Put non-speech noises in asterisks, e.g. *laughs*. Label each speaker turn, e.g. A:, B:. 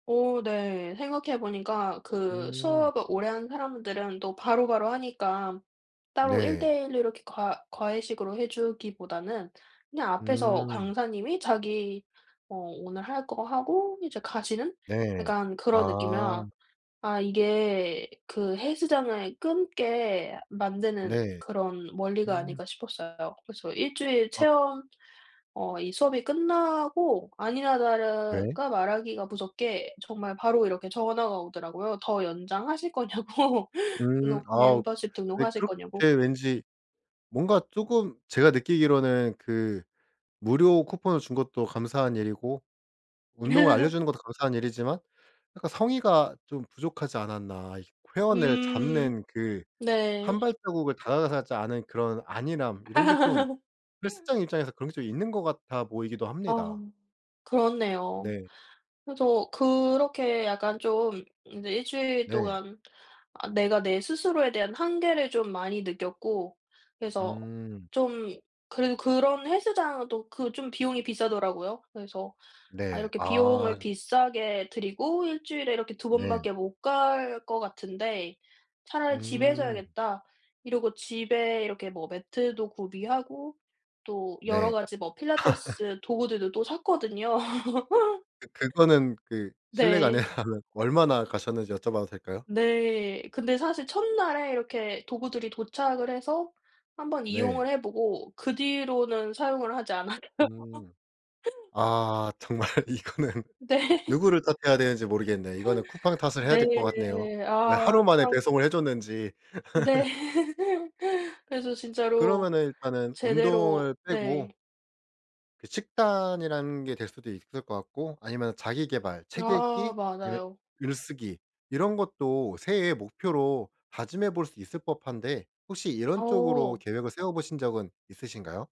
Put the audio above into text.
A: 오 네. 생각해 보니까 그
B: 음.
A: 수업을 오래 한 사람들은 또 바로바로 하니까 따로
B: 네.
A: 1:1 로 이렇게 과 과외식으로 해 주기보다는 그냥 앞에서
B: 음.
A: 강사님이 자기 어 오늘 할 거 하고 이제 가시는
B: 네.
A: 약간 그런
B: 아.
A: 느낌이라 아 이게 그 헬스장을 끊게 만드는
B: 네.
A: 그런 원리가
B: 음
A: 아닌가 싶었어요. 그래서 1 주일
B: 어.
A: 체험 어 이 수업이 끝나고 아니나
B: 네.
A: 다를까 말하기가 무섭게 정말 바로 이렇게 전화가 오더라고요. 더 연장하실 거냐고. *laughs*
B: 음.
A: 등록
B: 어우
A: 멤버십
B: 네
A: 등록하실
B: 그렇게
A: 거냐고.
B: 왠지 뭔가 쪼금 제가 느끼기로는 그 무료 쿠폰을 준 것도 감사한 일이고 운동을
A: *laughs*
B: 알려주는 것도 감사한 일이지만 약간 성의가 좀 부족하지 않았나. 이 회원을
A: 음
B: 잡는 그
A: 네.
B: 1 발자국을 다가가지 않은 그런 안일함 이런 게 좀
A: *laughs*
B: 헬스장 입장에서 그런 게 있는 것 같아 보이기도
A: 아하
B: 합니다.
A: 그렇네요.
B: 네.
A: 그래서 그렇게 약간 좀 이제 1 주일
B: 네.
A: 동안 아 내가 내 스스로에 대한 한계를 좀 많이 느꼈고 그래서
B: 음.
A: 좀 그래도 그런 헬스장도 그 좀 비용이 비싸더라고요. 그래서 '아
B: 네.
A: 이렇게
B: 아.
A: 비용을
B: 음.
A: 비싸게 들이고 1 주일에 이렇게 2
B: 네.
A: 번밖에 못 갈 것 같은데 차라리 집에서
B: 음.
A: 해야겠다.' 이러고 집에 이렇게 뭐 매트도 구비하고 또 여러
B: 네.
A: 가지 뭐
B: *laughs*
A: 필라테스 도구들도 또 샀거든요.
B: 예 그거는 그
A: *laughs*
B: 실례가
A: 네.
B: 아니라면 얼마나 가셨는지 여쭤봐도 될까요?
A: 네. 근데 사실 첫날에 이렇게 도구들이 도착을 해서 1 번
B: 네.
A: 이용을 해 보고 그 뒤로는 사용을 하지 않아요.
B: 음.
A: *laughs*
B: 아 정말 이거는
A: 네.
B: 누구를 탓해야 되는지 모르겠네. 이거는 쿠팡 탓을 해야 될 것 같네요.
A: 네.
B: 왜
A: 아
B: 하루 만에
A: 참.
B: 배송을 해줬는지.
A: 네.
B: *laughs*
A: *laughs* 그래서 진짜로
B: 그러면은 일단은
A: 제대로
B: 운동을 빼고.
A: 네.
B: 그 식단이라는 게 될 수도 있을 것 같고 아니면 자기 계발 책
A: 아
B: 읽기 그런
A: 맞아요.
B: 글쓰기 이런 것도 새해 목표로 다짐해볼 수 있을 법한데 혹시 이런 쪽으로
A: 어.
B: 계획을 세워보신 적은 있으신가요?